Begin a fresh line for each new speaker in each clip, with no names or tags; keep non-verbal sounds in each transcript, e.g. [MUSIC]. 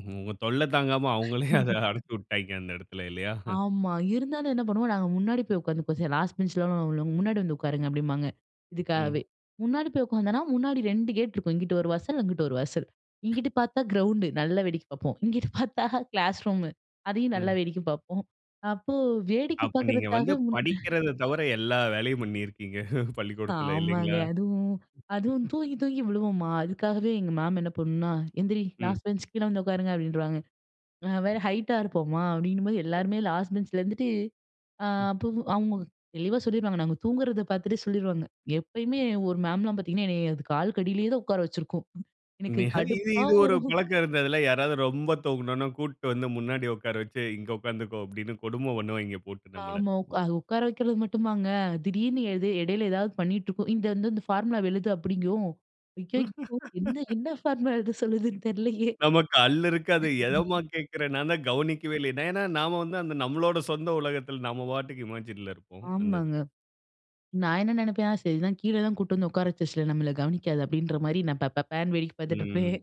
உங்க தொல்லை தாங்காம, அவுங்களே அத
[LAUGHS]
அடைச்சு விட்டாய்ங்க, அந்த எடத்தில. இல்லையா?
ஆமா. இருந்தாலும் என்ன பண்ணுவோம், நாங்க முன்னாடி போய் உட்காந்துப்போம், "சரி. லாஸ்ட் பெஞ்ச்ல உள்ளவங்கலாம், முன்னாடி வந்து உட்காருங்க." அப்படிம்பாங்க. இதுக்காகவே
ம்.
முன்னாடி போய் உட்காந்தோம்னா, முன்னாடி 2 கேட் இருக்கும். இங்கிட்டு ஒரு வாசல், அங்கிட்டு ஒரு வாசல். இங்கிட்டு பார்த்தா கிரவுண்டு. நல்லா வேடிக்கை பார்ப்போம். இங்கிட்டு பார்த்தா கிளாஸ் ரூம். அதையும் நல்லா
ம்.
வேடிக்கை பார்ப்போம். அப்போ வேடிக்கை
அப்ப நீங்க வந்து
பார்க்கறதுக்காகவே முன்
படிக்கிறத தவிர எல்லா வேலையும் பண்ணியிருக்கீங்க, பள்ளிக்கூடத்தில.
ஆமாங்க.
இல்லைங்களா?
அதுவும் அதுவும் தூங்கி தூங்கி விழுவோமா, அதுக்காகவே எங்க மேம் என்ன பண்ணும்னா, "எந்திரி!
ம்.
லாஸ்ட் பெஞ்ச் கீழ வந்து உட்காருங்க." அப்படின்றுவாங்க. நான் வேற
சரி.
ஹைட்டா இருப்போமா, அப்படிங்கும்போது
சரி.
எல்லாருமே லாஸ்ட் பெஞ்ச்ல இருந்துட்டு அ
ம்.
அப்பவும் ஆமாங்க. தெளிவா சொல்லிருவாங்க. நாங்க தூங்குறத பார்த்துட்டே சொல்லிருவாங்க. எப்பயுமே ஒரு மேம்லாம் பார்த்தீங்கன்னா, என்னைய அது காலுக்கு அடியிலேயே தான் உட்கார வச்சிருக்கும். எனக்கு
நிக இது
கடுப்பா
இது ஒரு
வரும்.
பழக்கம் இருந்ததில. யாராவது ரொம்ப தூங்கினோம்ன்னா, கூட்டிட்டு வந்து முன்னாடி உட்கார வச்சு, "இங்க உட்கார்ந்துக்கோ!" அப்படின்னு கொடுமை பண்ணுவாய்ங்கே, போட்டு நம்மள.
ஆமா. உட்கா அது உக்கார வைக்கிறது மட்டுமாங்க. திடீர்னு எது எடையில ஏதாவது பண்ணிட்டு இருக்கும். "இந்த வந்து இந்த ஃபார்முலாவ எழுது!" அப்படிங்கும். "ஐயயோ! என்ன
[LAUGHS]
என்ன ஃபார்முலா எழுத சொல்லுதுன்னு தெரிலையே!"
நமக்கு அல்லு இருக்காது. "எதம்மா கேட்கிறே! நான் தான் கவனிக்கவே இல்லையே." ஏன்னா நாம வந்து அந்த நம்மளோட சொந்த உலகத்தில, நம்ம பாட்டுக்கு இமாஜின்ல இருப்போம், அந்த
ஆமாங்க.
இதில.
நான் என்ன நெனைப்பேன், "சரி. இதான், கீழே தான் கூட்டிட்டு வந்து உட்காரவச்சிருச்சுல, நம்மள கவனிக்காது." அப்படின்ற மாதிரி, நான் பப்பபேன்னு வேடிக்க
ம்.
பார்த்துட்டிருப்பேன்.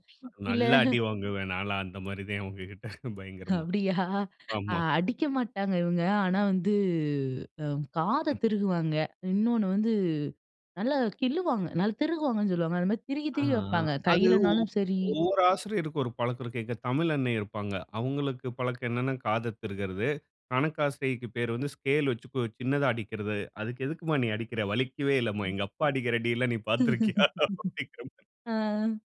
இல்ல
நல்லா அடி வாங்குவேன் நான்லாம், அந்த மாரிதேன். உங்ககிட்ட பயங்கரமா.
அப்படியா!
ஆமா.
அடிக்க மாட்டாங்க இவுங்க. ஆனா வந்து அ காதை
ம்.
திருகுவாங்க. இன்னொன்னு வந்து நல்லா கிள்ளுவாங்க. நல் திருகுவாங்கன்னு சொல்லுவாங்க. அந்த மாதிரி திருகி
ஆ,
திருகி
ஆ.
வைப்பாங்க.
அது ஒ
கையிலனாலும் சரி
ஒவ்வொரு ஆசிரியருக்கும் ஒரு பழக்கம் இருக்கு. எங்க தமிழண்ணை இருப்பாங்க. அவங்களுக்கு பழக்கம் என்னன்னா, காதத் திருகுறது. கணக்காசிரியைக்கு பேரு வந்து ஸ்கேல் வச்சு கு சின்னதா அடிக்கிறது. "அதுக்கு எதுக்கும்மா நீ அடிக்கிற? வலிக்கவே இல்லைம்மா. எங்க அப்பா அடிக்கிற அடியில நீ பார்த்திருக்கிறாயா?" அப்படிங்கிறமாரி.
[LAUGHS] .ஆ.